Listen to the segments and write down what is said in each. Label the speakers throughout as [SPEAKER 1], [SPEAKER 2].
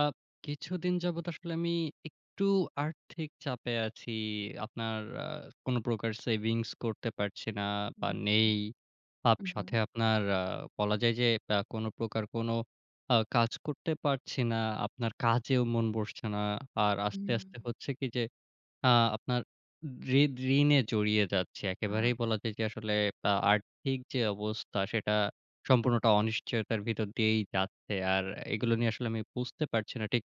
[SPEAKER 1] Up কিছুদিন যাবৎ আসলে আমি একটু আর্থিক চাপে আছি। আপনার আ কোন প্রকার সেভিংস করতে পারছি না বা
[SPEAKER 2] না, না।
[SPEAKER 1] নেই। আপ সাথে
[SPEAKER 2] উহুম।
[SPEAKER 1] আপনার আ বলা যায় যে, বা কোন প্রকার কোন আ কাজ করতে পারছি না। আপনার কাজেও মন বসছে না। আর আস্তে, আস্তে
[SPEAKER 2] হুম।
[SPEAKER 1] হচ্ছে কি যে আ আপনার ঋদ ঋণে জড়িয়ে যাচ্ছি।
[SPEAKER 2] আ
[SPEAKER 1] একেবারেই বলা যায় যে আসলে আ আর্থিক যে অবস্থা সেটা সম্পূর্ণটা অনিশ্চয়তার ভিতর দিয়েই যাচ্ছে। আর এগুলো নিয়ে আসলে আমি বুঝতে পারছি না ঠিক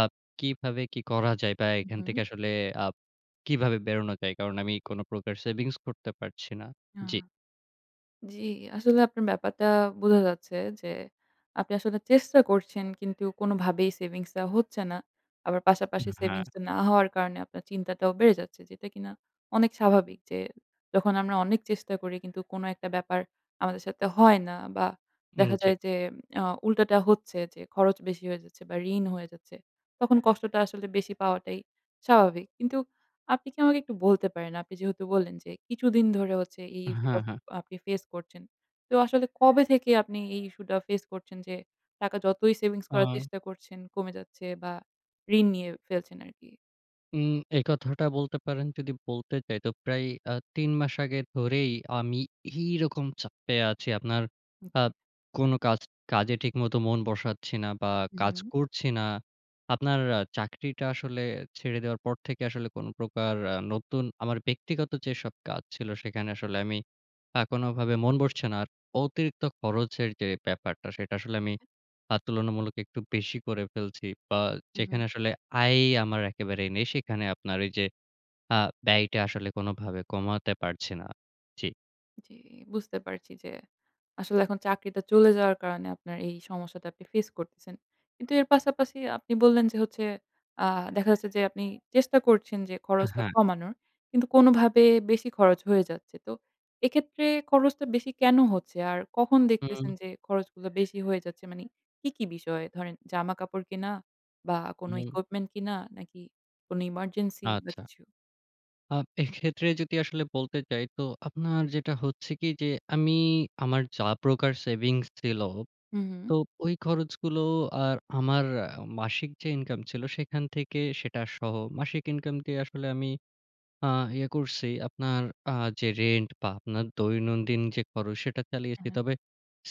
[SPEAKER 1] আপ কিভাবে কি করা যায়? বা
[SPEAKER 2] হু,
[SPEAKER 1] এখান থেকে
[SPEAKER 2] হু।
[SPEAKER 1] আসলে আপ কিভাবে বেরোনো যায়? কারণ আমি কোন প্রকার সেভিংস করতে পারছি না।
[SPEAKER 2] আ
[SPEAKER 1] জি।
[SPEAKER 2] জি, আসলে আপনার ব্যাপারটা বোঝা যাচ্ছে যে আপনি আসলে চেষ্টা করছেন কিন্তু কোনভাবেই সেভিংস টা হচ্ছে না। আবার
[SPEAKER 1] আ
[SPEAKER 2] পাশাপাশি
[SPEAKER 1] হ্যাঁ।
[SPEAKER 2] সেভিংস টা না হওয়ার কারণে আপনার চিন্তাটাও বেড়ে যাচ্ছে, যেটা কিনা অনেক স্বাভাবিক। যে যখন আমরা অনেক চেষ্টা করি কিন্তু কোন একটা ব্যাপার আমাদের সাথে হয় না বা
[SPEAKER 1] হুম,
[SPEAKER 2] দেখা
[SPEAKER 1] জি।
[SPEAKER 2] যায় যে আ উল্টাটা হচ্ছে যে খরচ বেশি হয়ে যাচ্ছে বা ঋণ হয়ে যাচ্ছে, তখন কষ্টটা আসলে বেশি পাওয়াটাই স্বাভাবিক। কিন্তু আপনি কি আমাকে একটু বলতে পারেন, আপনি যেহেতু বললেন যে কিছুদিন ধরে হচ্ছে এই ইস্যু
[SPEAKER 1] হ্যাঁ,
[SPEAKER 2] টা
[SPEAKER 1] হ্যাঁ।
[SPEAKER 2] আপনি ফেস করছেন। তো আসলে কবে থেকে আপনি এই ইস্যু টা ফেস করছেন যে টাকা যতই সেভিংস করার
[SPEAKER 1] আ
[SPEAKER 2] চেষ্টা করছেন কমে যাচ্ছে বা ঋণ নিয়ে ফেলছেন আরকি?
[SPEAKER 1] উম এই কথাটা বলতে পারেন যদি বলতে চাই তো প্রায় আ ৩ মাস আগে ধরেই আমি এই রকম চাপে আছি। আপনার আ
[SPEAKER 2] ওকে।
[SPEAKER 1] কোন কাজ কাজে ঠিকমতো মন বসাচ্ছি না বা
[SPEAKER 2] হুম,
[SPEAKER 1] কাজ
[SPEAKER 2] হুম।
[SPEAKER 1] করছি না। আপনার আ চাকরিটা আসলে ছেড়ে দেওয়ার পর থেকে আসলে কোন প্রকার আ নতুন আমার ব্যক্তিগত যেসব কাজ ছিল সেখানে আসলে আমি আ কোনভাবে মন বসছে না আর। অতিরিক্ত খরচের যে ব্যাপারটা সেটা আসলে আমি
[SPEAKER 2] হ্যাঁ।
[SPEAKER 1] আ তুলনামূলক একটু বেশি করে ফেলছি। বা
[SPEAKER 2] হু,
[SPEAKER 1] যেখানে
[SPEAKER 2] হু।
[SPEAKER 1] আসলে আয়ই আমার একেবারে নেই, সেখানে আপনার ওই যে আ ব্যয়টা আসলে কোনভাবে কমাতে পারছি না। জি।
[SPEAKER 2] জি, বুঝতে পারছি। যে আসলে এখন চাকরিটা চলে যাওয়ার কারণে আপনার এই সমস্যাটা আপনি ফেস করতেছেন। কিন্তু এর পাশাপাশি আপনি বললেন যে হচ্ছে আ দেখা যাচ্ছে যে আপনি চেষ্টা করছেন যে
[SPEAKER 1] আ
[SPEAKER 2] খরচটা
[SPEAKER 1] হ্যাঁ।
[SPEAKER 2] কমানোর কিন্তু কোনভাবে বেশি খরচ হয়ে যাচ্ছে। তো এক্ষেত্রে খরচটা বেশি কেন হচ্ছে? আর কখন দেখতেছেন
[SPEAKER 1] হুম।
[SPEAKER 2] যে খরচগুলো বেশি হয়ে যাচ্ছে? মানে কী, কী বিষয়ে? ধরেন জামাকাপড় কেনা বা কোন
[SPEAKER 1] হুম।
[SPEAKER 2] ইকুইপমেন্ট কিনা নাকি কোনো এমার্জেন্সি বা
[SPEAKER 1] আচ্ছা।
[SPEAKER 2] কিছু?
[SPEAKER 1] আপ এইক্ষেত্রে যদি আসলে বলতে চাই। তো আপনার যেটা হচ্ছে কি, যে আমি আমার যা প্রকার সেভিংস ছিল
[SPEAKER 2] হুম, হুম।
[SPEAKER 1] তো ওই খরচগুলো আর আমার আ মাসিক যে ইনকাম ছিল, সেইখান থেকে সেটা সহ, মাসিক ইনকাম দিয়ে আসলে আমি আ ইয়ে করছি আপনার আ যে রেন্ট বা আপনার দৈনন্দিন যে খরচ সেটা চালিয়েছি।
[SPEAKER 2] হ্যাঁ, হ্যাঁ।
[SPEAKER 1] তবে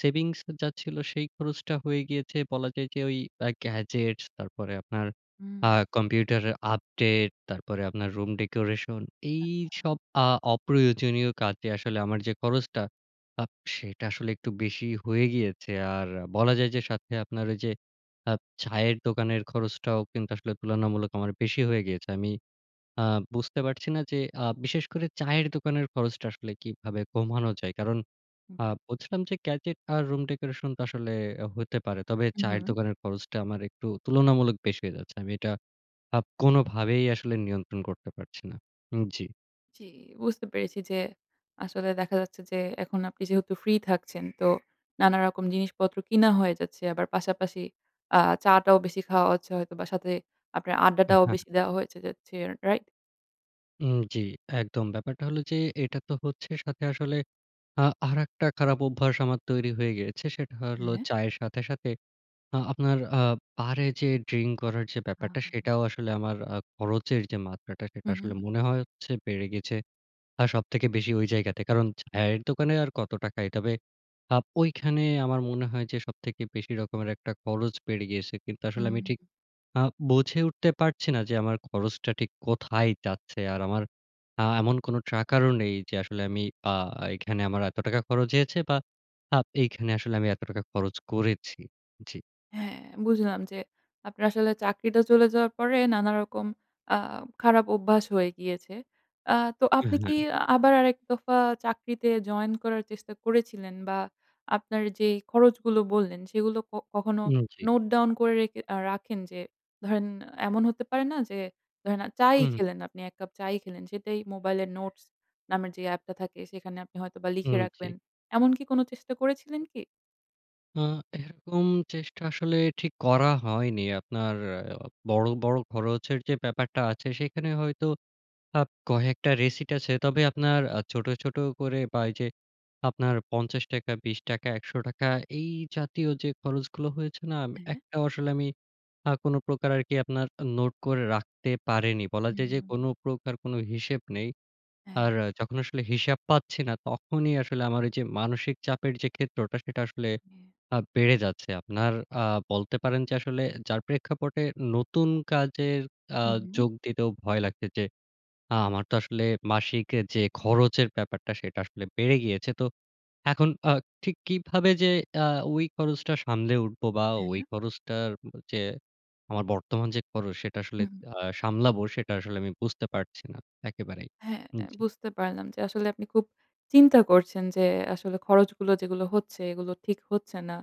[SPEAKER 1] সেভিংস যা ছিলো সেই খরচটা হয়ে গিয়েছে বলা যায় যে, ওই আ গ্যাজেটস তারপরে আপনার
[SPEAKER 2] হুম।
[SPEAKER 1] আ কম্পিউটারের আপডেট, তারপরে আপনার রুম ডেকোরেশন
[SPEAKER 2] আচ্ছা।
[SPEAKER 1] এইসব আ অপ্রয়োজনীয় কাজে আসলে আমার যে খরচটা আপ সেটা আসলে একটু বেশিই হয়ে গিয়েছে। আর বলা যায় যে সাথে আপনার ওই যে আপ চায়ের দোকানের খরচটাও কিন্তু আসলে তুলনামূলক আমার বেশি হয়ে গিয়েছে। আমি আ বুঝতে পারছি না যে আ বিশেষ করে চায়ের দোকানের খরচটা আসলে কিভাবে কমানো যায়? কারণ
[SPEAKER 2] হু,
[SPEAKER 1] আ
[SPEAKER 2] হু।
[SPEAKER 1] বলছিলাম যে গ্যাজেট আর রুম ডেকোরেশন তো আসলে আ হইতে পারে। তবে
[SPEAKER 2] হুম,
[SPEAKER 1] চায়ের
[SPEAKER 2] হুম।
[SPEAKER 1] দোকানের খরচটা আমার একটু তুলনামূলক বেশি হয়ে যাচ্ছে। আমি এটা আপ কোনভাবেই আসলে নিয়ন্ত্রণ করতে পারছি না। উম জি।
[SPEAKER 2] জ্বি, বুঝতে পেরেছি যে আসলে দেখা যাচ্ছে যে এখন আপনি যেহেতু ফ্রি থাকছেন, তো নানা রকম জিনিসপত্র কিনা হয়ে যাচ্ছে। আবার পাশাপাশি আ চা টাও বেশি খাওয়া হচ্ছে হয়তোবা সাথে আপনার
[SPEAKER 1] উম
[SPEAKER 2] আড্ডাটাও
[SPEAKER 1] হ্যাঁ।
[SPEAKER 2] বেশি দেয়া হয়েছে যাচ্ছে। রাইট?
[SPEAKER 1] উম জ্বি। একদম। ব্যাপারটা হলো যে এটা তো হচ্ছে সাথে আসলে আ আরেকটা খারাপ অভ্যাস আমার তৈরি হয়ে গিয়েছে। সেটা হলো
[SPEAKER 2] হ্যাঁ।
[SPEAKER 1] চায়ের সাথে, সাথে আ আপনার আ বারে যেয়ে ড্রিঙ্ক করার যে
[SPEAKER 2] আ
[SPEAKER 1] ব্যাপারটা, সেটাও আসলে আমার আ খরচের যে মাত্রাটা সেটা
[SPEAKER 2] হু,
[SPEAKER 1] আসলে
[SPEAKER 2] হু।
[SPEAKER 1] মনে হয় হচ্ছে বেড়ে গেছে। আ সবথেকে বেশি ওই জায়গাতে। কারণ চায়ের দোকানে আর কত টাকাই? তবে আপ ঐখানে আমার মনে হয় যে সবথেকে বেশি রকমের একটা খরচ বেড়ে গিয়েছে। কিন্তু আসলে আমি
[SPEAKER 2] হুম।
[SPEAKER 1] ঠিক আ বুঝে উঠতে পারছি না যে আমার খরচটা ঠিক কোথায় যাচ্ছে? আর আমার আ এমন কোন ট্র্যাকার ও নেই যে আসলে আমি আ এখানে আমার এত টাকা খরচ হয়েছে বা আপ এইখানে আসলে আমি এত টাকা খরচ করেছি। জি।
[SPEAKER 2] হ্যাঁ ,বুঝলাম যে আপনার আসলে চাকরিটা চলে যাওয়ার পরে নানারকম আ খারাপ অভ্যাস হয়ে গিয়েছে। আ তো
[SPEAKER 1] এ
[SPEAKER 2] আপনি কি
[SPEAKER 1] হ্যাঁ।
[SPEAKER 2] আবার আরেক দফা চাকরিতে জয়েন করার চেষ্টা করেছিলেন? বা আপনার যেই খরচগুলো বললেন সেগুলো ক কখনো
[SPEAKER 1] উম জ্বি।
[SPEAKER 2] নোট ডাউন করে রেখে আ রাখেন? যে ধরেন এমন হতে পারে না যে ধরেন চা-ই
[SPEAKER 1] উম হু।
[SPEAKER 2] খেলেন, আপনি এক কাপ চা-ই খেলেন। সেটাই মোবাইলের নোটস নামের যে অ্যাপটা থাকে সেখানে আপনি হয়তোবা লিখে
[SPEAKER 1] উম জ্বি।
[SPEAKER 2] রাখবেন। এমনকি কোন চেষ্টা করেছিলেন কি?
[SPEAKER 1] আ এরকম চেষ্টা আসলে ঠিক করা হয়নি। আপনার বড়, বড় খরচের যে ব্যাপারটা আছে, সেখানে হয়তো আপ কয়েকটা রিসিট আছে। তবে আপনার আ ছোট, ছোট করে বা এই যে আপনার ৳৫০, ৳২০, ৳১০০ এই জাতীয় যে খরচগুলো হয়েছে না আম
[SPEAKER 2] হ্যাঁ, হ্যাঁ।
[SPEAKER 1] একটাও আসলে আমি আ কোন প্রকার আরকি আপনার নোট করে রাখতে পারিনি। বলা
[SPEAKER 2] হু,
[SPEAKER 1] যায়
[SPEAKER 2] হু,
[SPEAKER 1] যে,
[SPEAKER 2] হু,
[SPEAKER 1] কোন
[SPEAKER 2] হু।
[SPEAKER 1] প্রকার কোন হিসেব নেই।
[SPEAKER 2] হ্যাঁ।
[SPEAKER 1] আর যখন আসলে হিসাব পাচ্ছি না, তখনই আসলে আমার ওই যে মানসিক চাপের যে ক্ষেত্রটা, সেটা আসলে
[SPEAKER 2] হ্যাঁ।
[SPEAKER 1] আ বেড়ে যাচ্ছে। আপনার আ বলতে পারেন যে আসলে যার প্রেক্ষাপটে নতুন কাজের আ
[SPEAKER 2] হু, হু।
[SPEAKER 1] যোগ দিতেও ভয় লাগছে যে, আ আমার তো আসলে মাসিক এর যে খরচের ব্যাপারটা, সেটা আসলে বেড়ে গিয়েছে। তো এখন আ ঠিক কিভাবে যে আ ওই খরচটা সামলে উঠবো বা ওই
[SPEAKER 2] হ্যাঁ।
[SPEAKER 1] খরচটার ব যে আমার বর্তমান যে খরচ সেটা আসলে
[SPEAKER 2] উহুম।
[SPEAKER 1] আ সামলাবো? সেটা আসলে আমি বুঝতে পারছি না, একেবারেই।
[SPEAKER 2] হ্যাঁ,
[SPEAKER 1] উম জি।
[SPEAKER 2] বুঝতে পারলাম যে আসলে আপনি খুব চিন্তা করছেন যে আসলে খরচগুলো যেগুলো হচ্ছে, এগুলো ঠিক হচ্ছে না।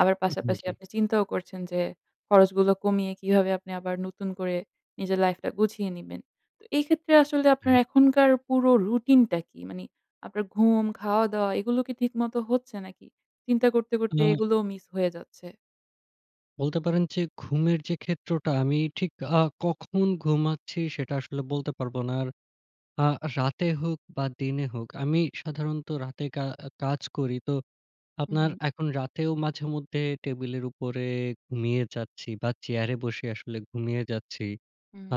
[SPEAKER 2] আবার
[SPEAKER 1] উম হু,
[SPEAKER 2] পাশাপাশি
[SPEAKER 1] জি।
[SPEAKER 2] আপনি চিন্তাও করছেন যে, খরচগুলো কমিয়ে কিভাবে আপনি আবার নতুন করে নিজের লাইফটা গুছিয়ে নিবেন। তো এই ক্ষেত্রে আসলে আপনার
[SPEAKER 1] হ্যাঁ।
[SPEAKER 2] এখনকার পুরো রুটিনটা কি? মানে আপনার ঘুম, খাওয়া-দাওয়া, এগুলো কি ঠিকমতো হচ্ছে নাকি চিন্তা করতে, করতে
[SPEAKER 1] আ
[SPEAKER 2] এগুলোও মিস হয়ে যাচ্ছে?
[SPEAKER 1] বলতে পারেন যে ঘুমের যে ক্ষেত্রটা আমি ঠিক আ কখন ঘুমাচ্ছি সেটা আসলে বলতে পারব না। আর আ রাতে হোক বা দিনে হোক আমি সাধারণত রাতে কা আ কাজ করি। তো
[SPEAKER 2] হুম,
[SPEAKER 1] আপনার
[SPEAKER 2] হুম।
[SPEAKER 1] এখন রাতেও মাঝেমধ্যে টেবিলের উপরে ঘুমিয়ে যাচ্ছি বা চেয়ারে বসে আসলে ঘুমিয়ে যাচ্ছি।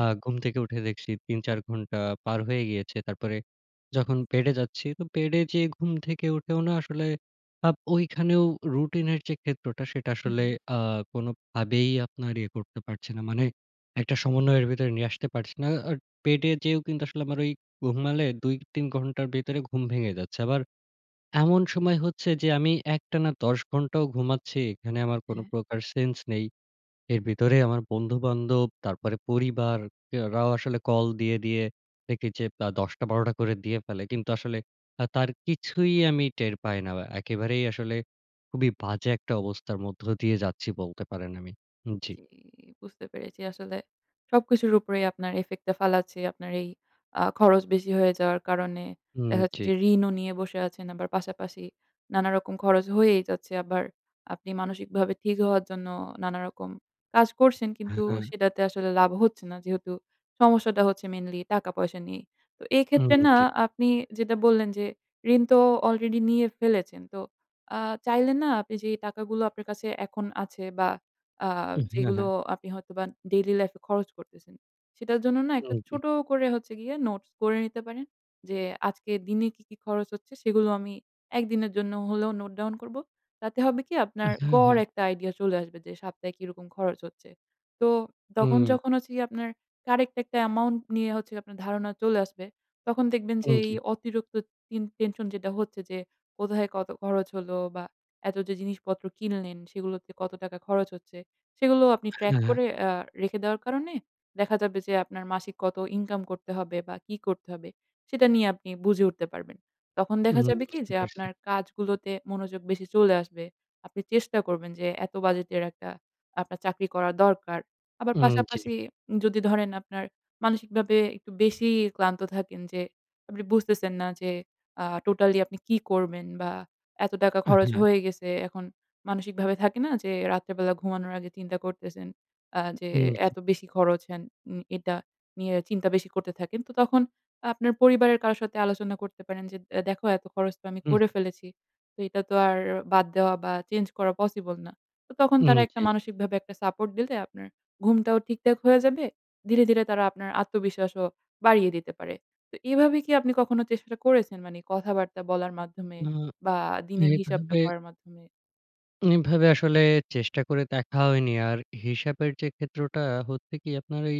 [SPEAKER 1] আ ঘুম থেকে উঠে দেখছি ৩-৪ ঘন্টা পার হয়ে গিয়েছে। তারপরে
[SPEAKER 2] হুম।
[SPEAKER 1] যখন বেডে যাচ্ছি, তো বেডে যেয়ে ঘুম থেকে উঠেও না আসলে আপ ঐখানেও রুটিনের যে ক্ষেত্রটা সেটা
[SPEAKER 2] হুম,
[SPEAKER 1] আসলে
[SPEAKER 2] হুম।
[SPEAKER 1] আ কোনভাবেই আপনার ইয়ে করতে পারছি না। মানে একটা সমন্বয়ের ভেতরে নিয়ে আসতে পারছি না। আ আ বেডে যেয়েও কিন্তু আসলে আমার ওই ঘুমালে ২-৩ ঘণ্টার ভেতরে ঘুম ভেঙে যাচ্ছে। আবার এমন সময় হচ্ছে যে আমি একটানা ১০ ঘণ্টাও ঘুমাচ্ছি। এখানে আমার কোন
[SPEAKER 2] হ্যাঁ।
[SPEAKER 1] প্রকার সেন্স নেই। এর ভিতরে আমার বন্ধু-বান্ধব, তারপরে পরিবার এরাও আসলে কল দিয়ে, দিয়ে দেখি যে বা ১০ টা-১২ টা করে দিয়ে ফেলে। কিন্তু আসলে আ তার কিছুই আমি টের পাই না। বা একেবারেই আসলে খুবই বাজে একটা অবস্থার মধ্য দিয়ে যাচ্ছি বলতে পারেন আমি। উম জি।
[SPEAKER 2] জি, বুঝতে পেরেছি। আসলে সবকিছুর উপরেই আপনার ইফেক্ট টা ফালাচ্ছে। আপনার এই আ খরচ বেশি হয়ে যাওয়ার কারণে
[SPEAKER 1] হুম,
[SPEAKER 2] দেখা যাচ্ছে
[SPEAKER 1] জি।
[SPEAKER 2] যে ঋণও নিয়ে বসে আছেন। আবার পাশাপাশি নানা রকম খরচ হয়েই যাচ্ছে। আবার আপনি মানসিকভাবে ঠিক হওয়ার জন্য নানারকম কাজ করছেন
[SPEAKER 1] হ্যাঁ,
[SPEAKER 2] কিন্তু
[SPEAKER 1] হ্যাঁ।
[SPEAKER 2] সেটাতে আসলে লাভ হচ্ছে না। যেহেতু সমস্যাটা হচ্ছে মেইনলি টাকা-পয়সা নিয়েই। তো
[SPEAKER 1] উম
[SPEAKER 2] এক্ষেত্রে না
[SPEAKER 1] জি।
[SPEAKER 2] আপনি যেটা বললেন যে ঋণ তো অলরেডি নিয়ে ফেলেছেন। তো আ চাইলে না আপনি যেই টাকাগুলো আপনার কাছে এখন আছে বা আ
[SPEAKER 1] উহ হ্যাঁ,
[SPEAKER 2] যেগুলো
[SPEAKER 1] হ্যাঁ।
[SPEAKER 2] আপনি হয়তোবা ডেইলি লাইফ এ খরচ করতেছেন। সেটার জন্য না একটা
[SPEAKER 1] উম জি।
[SPEAKER 2] ছোট করে হচ্ছে গিয়ে নোটস করে নিতে পারেন যে, "আজকের দিনে কি, কি খরচ হচ্ছে সেগুলো আমি একদিনের জন্য হলেও নোট ডাউন করব।" তাতে হবে কি? আপনার
[SPEAKER 1] হ্যাঁ,
[SPEAKER 2] গড়
[SPEAKER 1] হ্যাঁ।
[SPEAKER 2] একটা আইডিয়া চলে আসবে যে সপ্তাহে কিরকম খরচ হচ্ছে? তো তখন
[SPEAKER 1] হুম।
[SPEAKER 2] যখন হচ্ছে গিয়ে আপনার কারেক্ট একটা অ্যামাউন্ট নিয়ে হচ্ছে গিয়ে আপনার ধারণা চলে আসবে তখন দেখবেন যে
[SPEAKER 1] উম
[SPEAKER 2] এই
[SPEAKER 1] জি।
[SPEAKER 2] অতিরিক্ত টিন টেনশন যেটা হচ্ছে যে কোথায় কত খরচ হলো? বা এত যে জিনিসপত্র কিনলেন সেগুলোতে কত টাকা খরচ হচ্ছে? সেগুলো আপনি ট্র্যাক
[SPEAKER 1] হ্যাঁ, হ্যাঁ।
[SPEAKER 2] করে আ রেখে দেওয়ার কারণে দেখা যাবে যে আপনার মাসিক কত ইনকাম করতে হবে? বা কি করতে হবে? সেটা নিয়ে আপনি বুঝে উঠতে পারবেন। তখন
[SPEAKER 1] উম
[SPEAKER 2] দেখা
[SPEAKER 1] হুম,
[SPEAKER 2] যাবে কি,
[SPEAKER 1] বুঝতে
[SPEAKER 2] যে
[SPEAKER 1] পারছি।
[SPEAKER 2] আপনার কাজগুলোতে মনোযোগ বেশি চলে আসবে। আপনি চেষ্টা করবেন যে এত বাজেটের একটা আপনার চাকরি করা দরকার। আবার
[SPEAKER 1] উম জি।
[SPEAKER 2] পাশাপাশি যদি ধরেন আপনার মানসিকভাবে একটু বেশিই ক্লান্ত থাকেন যে আপনি বুঝতেছেন না যে আ টোটালি আপনি কি করবেন? বা এত টাকা
[SPEAKER 1] অ্যা
[SPEAKER 2] খরচ
[SPEAKER 1] হ্যাঁ।
[SPEAKER 2] হয়ে গেছে। এখন মানসিকভাবে থাকে না যে রাত্রে বেলা ঘুমানোর আগে চিন্তা করতেছেন। আ যে
[SPEAKER 1] হুম, জি।
[SPEAKER 2] "এত বেশি খরচ হ্যান?" উম এটা নিয়ে চিন্তা বেশি করতে থাকেন। তো তখন আপনার পরিবারের কারোর সাথে আলোচনা করতে পারেন যে, "এ দেখো এত খরচ তো আমি
[SPEAKER 1] হুম।
[SPEAKER 2] করে ফেলেছি। তো এটা তো আর বাদ দেওয়া বা চেঞ্জ করা পসিবল না।" তো তখন
[SPEAKER 1] উম
[SPEAKER 2] তারা একটা
[SPEAKER 1] জি।
[SPEAKER 2] মানসিকভাবে একটা সাপোর্ট দিলে আপনার ঘুমটাও ঠিকঠাক হয়ে যাবে। ধীরে, ধীরে তারা আপনার আত্মবিশ্বাসও বাড়িয়ে দিতে পারে। তো এভাবে কি আপনি কখনো চেষ্টাটা করেছেন মানে কথাবার্তা বলার মাধ্যমে
[SPEAKER 1] আ
[SPEAKER 2] বা দিনের হিসাবটা
[SPEAKER 1] এভাবে
[SPEAKER 2] করার মাধ্যমে?
[SPEAKER 1] এভাবে আসলে চেষ্টা করে দেখা হয়নি। আর হিসাবের যে ক্ষেত্রটা হচ্ছে কি? আপনার ওই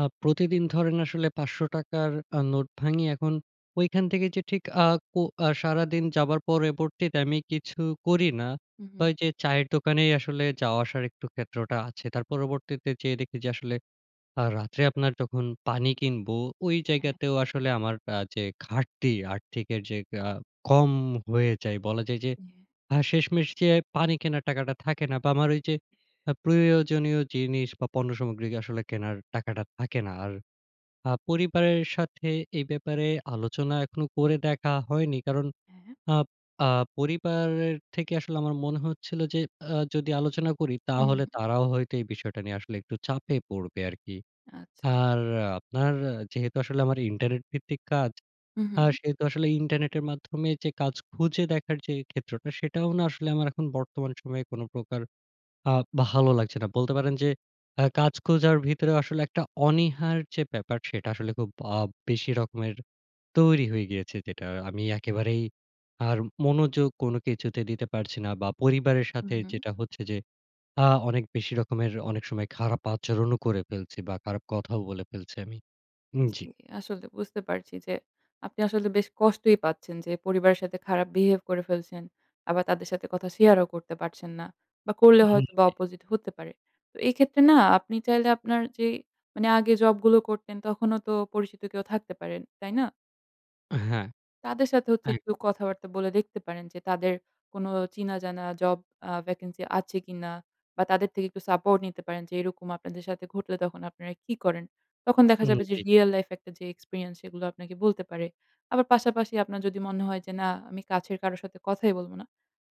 [SPEAKER 1] আ প্রতিদিন ধরেন আসলে ৳৫০০ র আ নোট ভাঙি এখন ঐখান থেকে যে ঠিক আ কো আ সারাদিন যাবার পরবর্তীতে আমি কিছু করি না।
[SPEAKER 2] হু,
[SPEAKER 1] তো
[SPEAKER 2] হুম।
[SPEAKER 1] ওই যে চায়ের দোকানেই আসলে যাওয়া-আসার একটু ক্ষেত্রটা আছে। তার পরবর্তীতে যেয়ে দেখি যে আসলে আ রাত্রে আপনার যখন পানি কিনবো ওই
[SPEAKER 2] হ্যাঁ।
[SPEAKER 1] জায়গাতেও আসলে আমার আ যে ঘাটতি, আর্থিকের যে আ কম হয়ে যায় বলা যায় যে
[SPEAKER 2] হ্যাঁ।
[SPEAKER 1] আ শেষমেষ যেয়ে পানি কেনার টাকাটা থাকে না। বা আমার ঐযে আ প্রয়োজনীয় জিনিস বা পণ্য সামগ্রী আসলে কেনার টাকাটা থাকে না। আর আ পরিবারের সাথে এই ব্যাপারে আলোচনা এখনো করে দেখা হয়নি। কারণ
[SPEAKER 2] হ্যাঁ।
[SPEAKER 1] আব আ পরিবারের থেকে আসলে আমার মনে হচ্ছিল যে আ যদি আলোচনা করি
[SPEAKER 2] হুম,
[SPEAKER 1] তাহলে
[SPEAKER 2] হুম।
[SPEAKER 1] তারাও হয়তো এই বিষয়টা নিয়ে আসলে একটু চাপে পড়বে আরকি।
[SPEAKER 2] আচ্ছা।
[SPEAKER 1] আর আপনার যেহেতু আসলে আমার ইন্টারনেট ভিত্তিক কাজ,
[SPEAKER 2] হুম,
[SPEAKER 1] আ
[SPEAKER 2] হুম।
[SPEAKER 1] সে তো আসলে ইন্টারনেটের মাধ্যমে যে কাজ খুঁজে দেখার যে ক্ষেত্রটা সেটাও না আসলে আমার এখন বর্তমান সময়ে কোন প্রকার আ ভালো লাগছে না। বলতে পারেন যে আ কাজ খুঁজার ভেতরে আসলে একটা অনীহার যে ব্যাপার, সেটা আসলে খুব আ বেশি রকমের তৈরি হয়ে গিয়েছে। যেটা আমি একেবারেই আর মনোযোগ কোন কিছুতে দিতে পারছি না। বা পরিবারের
[SPEAKER 2] হুম,
[SPEAKER 1] সাথে
[SPEAKER 2] হুম।
[SPEAKER 1] যেটা হচ্ছে যে আ অনেক বেশি রকমের অনেক সময় খারাপ আচরণও করে ফেলছি বা খারাপ কথাও বলে ফেলছি আমি। উম জী।
[SPEAKER 2] জী। আসলে বুঝতে পারছি যে আপনি আসলে বেশ কষ্টই পাচ্ছেন যে পরিবারের সাথে খারাপ বিহেভ করে ফেলছেন। আবার তাদের সাথে কথা শেয়ারও করতে পারছেন না। বা করলে
[SPEAKER 1] হুম
[SPEAKER 2] হয়তোবা
[SPEAKER 1] জী।
[SPEAKER 2] অপোজিট হতে পারে। তো এক্ষেত্রে না আপনি চাইলে আপনার যে মানে আগে জবগুলো করতেন তখনও তো পরিচিত কেউ থাকতে পারে, তাই না?
[SPEAKER 1] এ হ্যাঁ,
[SPEAKER 2] তাদের সাথে হচ্ছে
[SPEAKER 1] এক
[SPEAKER 2] একটু কথাবার্তা বলে দেখতে পারেন যে তাদের কোন চিনাজানা জব আ ভ্যাকেন্সি আছে কিনা? বা তাদের থেকে একটু সাপোর্ট নিতে পারেন যে, "এরকম আপনাদের সাথে ঘটলে তখন আপনারা কি করেন?" তখন দেখা
[SPEAKER 1] উম
[SPEAKER 2] যাবে যে
[SPEAKER 1] জ্বী।
[SPEAKER 2] রিয়াল লাইফ একটা যে এক্সপেরিয়েন্স সেগুলো আপনাকে বলতে পারে। আবার পাশাপাশি আপনার যদি মনে হয় যে, "না, আমি কাছের কারো সাথে কথাই বলব না।"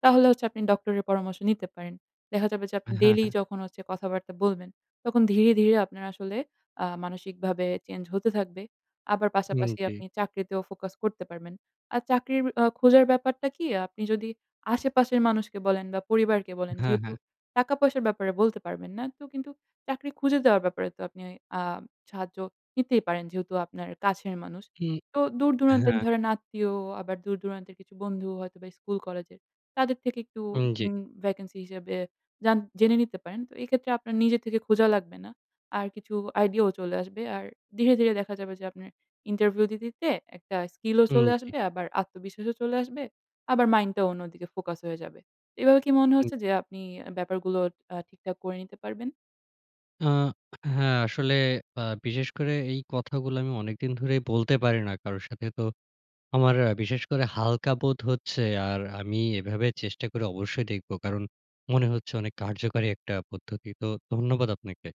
[SPEAKER 2] তাহলে হচ্ছে আপনি ডক্টরের পরামর্শ নিতে পারেন। দেখা যাবে যে আপনি
[SPEAKER 1] হ্যাঁ,
[SPEAKER 2] ডেইলি
[SPEAKER 1] হ্যাঁ।
[SPEAKER 2] যখন হচ্ছে কথাবার্তা বলবেন তখন ধীরে, ধীরে আপনার আসলে আ মানসিকভাবে চেঞ্জ হতে থাকবে। আবার
[SPEAKER 1] উম
[SPEAKER 2] পাশাপাশি
[SPEAKER 1] জ্বী।
[SPEAKER 2] আপনি চাকরিতেও ফোকাস করতে পারবেন। আর চাকরির অ খোঁজার ব্যাপারটা কি? আপনি যদি আশেপাশের মানুষকে বলেন বা পরিবারকে বলেন
[SPEAKER 1] হ্যাঁ,
[SPEAKER 2] যেহেতু
[SPEAKER 1] হ্যাঁ।
[SPEAKER 2] টাকা-পয়সার ব্যাপারে বলতে পারবেন না, তো কিন্তু চাকরি খুঁজে দেওয়ার ব্যাপারে তো আপনি আ সাহায্য নিতেই পারেন যেহেতু আপনার কাছের মানুষ।
[SPEAKER 1] উম
[SPEAKER 2] তো
[SPEAKER 1] হ্যাঁ,
[SPEAKER 2] দূর-দূরান্তের
[SPEAKER 1] হ্যাঁ।
[SPEAKER 2] ধরেন আত্মীয়, আবার দূর-দূরান্তের কিছু বন্ধু হয়তোবা স্কুল-কলেজের তাদের থেকে একটু
[SPEAKER 1] উম জ্বী।
[SPEAKER 2] উম ভ্যাকেন্সি হিসেবে জান জেনে নিতে পারেন। তো এক্ষেত্রে আপনার নিজের থেকে খোঁজা লাগবে না। আর কিছু আইডিয়াও চলে আসবে। আর ধীরে, ধীরে দেখা যাবে যে আপনার ইন্টারভিউ দিতে, দিতে একটা স্কিলও
[SPEAKER 1] উম
[SPEAKER 2] চলে
[SPEAKER 1] জ্বী।
[SPEAKER 2] আসবে, আবার আত্মবিশ্বাসও চলে আসবে। আবার মাইন্ডটাও অন্যদিকে ফোকাস হয়ে যাবে। এভাবে কি মনে
[SPEAKER 1] হুম।
[SPEAKER 2] হচ্ছে যে আপনি ব্যাপারগুলো আ ঠিকঠাক করে নিতে পারবেন?
[SPEAKER 1] আ হ্যাঁ, আসলে আ বিশেষ করে এই কথাগুলো আমি অনেকদিন ধরেই বলতে পারি না কারোর সাথে। তো আমার বিশেষ করে হালকা বোধ হচ্ছে আর আমি এভাবে চেষ্টা করে অবশ্যই দেখব কারণ মনে হচ্ছে অনেক কার্যকরী একটা পদ্ধতি। তো ধন্যবাদ আপনাকে।